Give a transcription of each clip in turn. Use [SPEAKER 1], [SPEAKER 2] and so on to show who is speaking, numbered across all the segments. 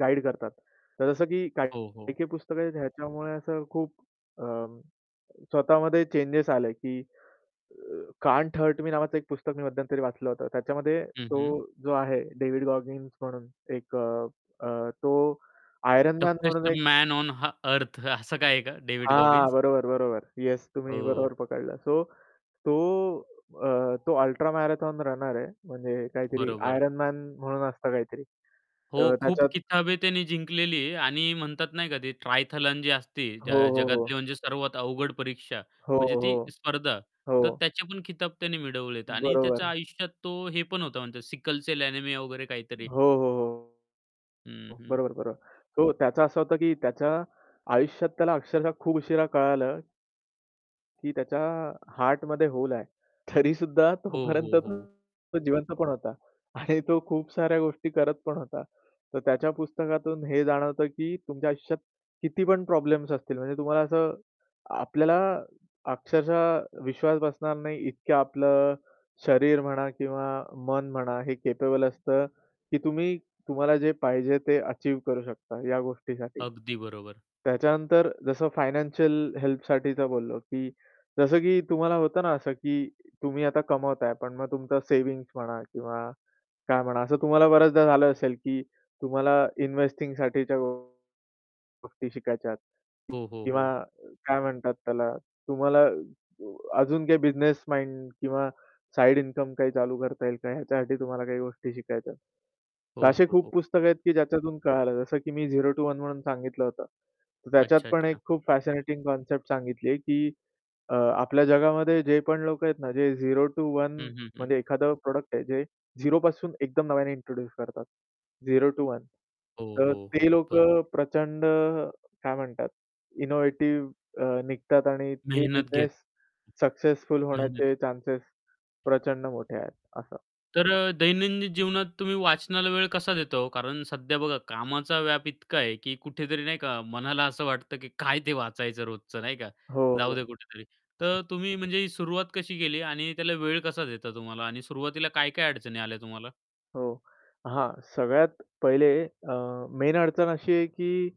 [SPEAKER 1] Guide करतात. तर जसं की काही
[SPEAKER 2] हो, हो.
[SPEAKER 1] काही पुस्तकं आहेत ह्याच्यामुळे असं खूप अ, स्वतःमध्ये चेंजेस आले, की अ, Can’t Hurt Me नावाचं एक पुस्तक मी मध्यंतरी वाचलं होतं. त्याच्यामध्ये
[SPEAKER 2] हं,
[SPEAKER 1] तो
[SPEAKER 2] हं.
[SPEAKER 1] जो आहे डेव्हिड गॉगिन्स म्हणून एक अ, अ, तो आयरन मॅन म्हणून
[SPEAKER 2] टफेस्ट
[SPEAKER 1] एक
[SPEAKER 2] मॅन ओन ह अर्थ असं काय आहे का डेव्हिड
[SPEAKER 1] हां,
[SPEAKER 2] गॉगिन्स?
[SPEAKER 1] बरोबर, बरोबर. येस तुम्ही
[SPEAKER 2] ओ.
[SPEAKER 1] बरोबर पकडला. सो तो अ, तो अल्ट्रा मॅरेथॉन रनर आहे. म्हणजे काहीतरी
[SPEAKER 2] बरोबर.
[SPEAKER 1] आयरन मॅन म्हणून असतं काहीतरी.
[SPEAKER 2] हो,
[SPEAKER 1] तर
[SPEAKER 2] खूप
[SPEAKER 1] त्याच्यात
[SPEAKER 2] किताबें त्याने जिंकलेली आणि म्हणतात नाही का, ते ट्रायथलन जी असती, ज
[SPEAKER 1] हो, हो, हो.
[SPEAKER 2] जगातली म्हणजे सर्वात अवघड परीक्षा
[SPEAKER 1] हो,
[SPEAKER 2] म्हणजे ती
[SPEAKER 1] हो.
[SPEAKER 2] स्पर्धा. तर
[SPEAKER 1] हो.
[SPEAKER 2] त्याचे पण खिताब त्याने मिळवलेत आणि त्याच्या
[SPEAKER 1] बरोबर.
[SPEAKER 2] आयुष्यात तो हे पण होता म्हणतात सिकल सेल एनेमिया वगैरे काहीतरी.
[SPEAKER 1] हो, हो,
[SPEAKER 2] हं,
[SPEAKER 1] हो
[SPEAKER 2] हं.
[SPEAKER 1] बरोबर, बरोबर. तो त्याचं असं होतं, की त्याच्या आयुष्यात त्याला अक्षरशः खूप उशिरा कळालं की त्याच्या हार्टमध्ये होल आहे. तरीसुद्धा
[SPEAKER 2] हो,
[SPEAKER 1] तोपर्यंत
[SPEAKER 2] हो, हो.
[SPEAKER 1] तो जिवंत पण होता. आणि तो खूप साऱ्या गोष्टी करत पण होता. तर त्याच्या पुस्तकातून हे जाणवतं, की तुमच्या आयुष्यात किती पण प्रॉब्लेम्स असतील, म्हणजे तुम्हाला असं आपल्याला अक्षरशः विश्वास बसणार नाही इतक्या आपलं शरीर म्हणा किंवा मन म्हणा, हे कॅपेबल असतं, की तुम्ही तुम्हाला जे पाहिजे ते अचीव्ह करू शकता, या गोष्टीसाठी.
[SPEAKER 2] अगदी बरोबर.
[SPEAKER 1] त्याच्यानंतर जसं फायनान्शियल हेल्पसाठी तर बोललो, की जसं की तुम्हाला होतं ना असं, की तुम्ही आता कमवताय पण मग तुमचं सेव्हिंग्ज म्हणा किंवा काय म्हणा, असं तुम्हाला बऱ्याचदा झालं असेल, की तुम्हाला इन्व्हेस्टिंगसाठीच्या गोष्टी शिकायच्या
[SPEAKER 2] हो, हो,
[SPEAKER 1] किंवा
[SPEAKER 2] हो.
[SPEAKER 1] काय म्हणतात त्याला, तुम्हाला अजून काही बिझनेस माइंड किंवा साइड इन्कम काही चालू करता येईल का? ह्याच्यासाठी तुम्हाला काही गोष्टी शिकायच्यात. तर
[SPEAKER 2] हो,
[SPEAKER 1] असे
[SPEAKER 2] हो,
[SPEAKER 1] खूप
[SPEAKER 2] हो.
[SPEAKER 1] पुस्तकं आहेत, की ज्याच्यातून कळालं. जसं की मी झेरो टु वन म्हणून सांगितलं होतं. त्याच्यात
[SPEAKER 2] अच्छा,
[SPEAKER 1] पण
[SPEAKER 2] अच्छा.
[SPEAKER 1] एक खूप फॅशनेटिंग कन्सेप्ट सांगितली, की अ, आपल्या जगामध्ये जे पण लोकं आहेत ना, जे झेरो टु वन
[SPEAKER 2] हं, हं, हं.
[SPEAKER 1] म्हणजे एखादं प्रॉडक्ट आहे जे झेरोपासून एकदम नव्याने इंट्रोड्यूस करतात. Zero to one.
[SPEAKER 2] हो,
[SPEAKER 1] तर
[SPEAKER 2] हो, हो,
[SPEAKER 1] ते
[SPEAKER 2] बरोबर.
[SPEAKER 1] लोकं प्रचंड काय म्हणतात इनोव्हेटिव्ह अ, निघतात आणि ते
[SPEAKER 2] मेहनत घेत.
[SPEAKER 1] बिझनेस सक्सेसफुल
[SPEAKER 2] मेहनत.
[SPEAKER 1] होण्याचे चान्स प्रचंड मोठे आहेत असं.
[SPEAKER 2] तर अ, दैनंदिन जीवनात तुम्ही वाचनाला वेळ कसा देता हो? कारण सध्या बघा कामाचा व्याप इतका आहे, की कुठेतरी नाही का मनाला असं वाटतं, की काय ते वाचायचं रोजचं? नाही का
[SPEAKER 1] हो, हो.
[SPEAKER 2] जाऊदे कुठेतरी? तर तुम्ही म्हणजे सुरुवात कशी केली आणि त्याला वेळ कसा देता तुम्हाला आणि सुरुवातीला काय-काय अडचणी आल्या तुम्हाला?
[SPEAKER 1] हो. हां, सगळ्यात पहिले अ, मेन अडचण अशी आहे की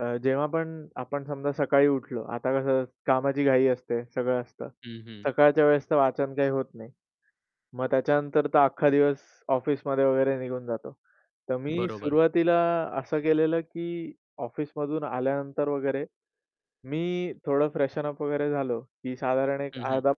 [SPEAKER 1] अ, जेव्हा पण आपण समजा सकाळी उठलो. आता कसं कामाची घाई असते, सगळं असतं.
[SPEAKER 2] हं, हं.
[SPEAKER 1] सकाळच्या वेळेस तर वाचन काही होत नाही. मग त्याच्यानंतर तर अख्खा दिवस ऑफिसमध्ये वगैरे निघून जातो. तर मी
[SPEAKER 2] बरोबर.
[SPEAKER 1] सुरुवातीला असं केलेलं, की ऑफिसमधून आल्यानंतर वगैरे मी थोडं फ्रेशन अप वगैरे झालो की साधारण एक
[SPEAKER 2] हं, हं.
[SPEAKER 1] अर्धा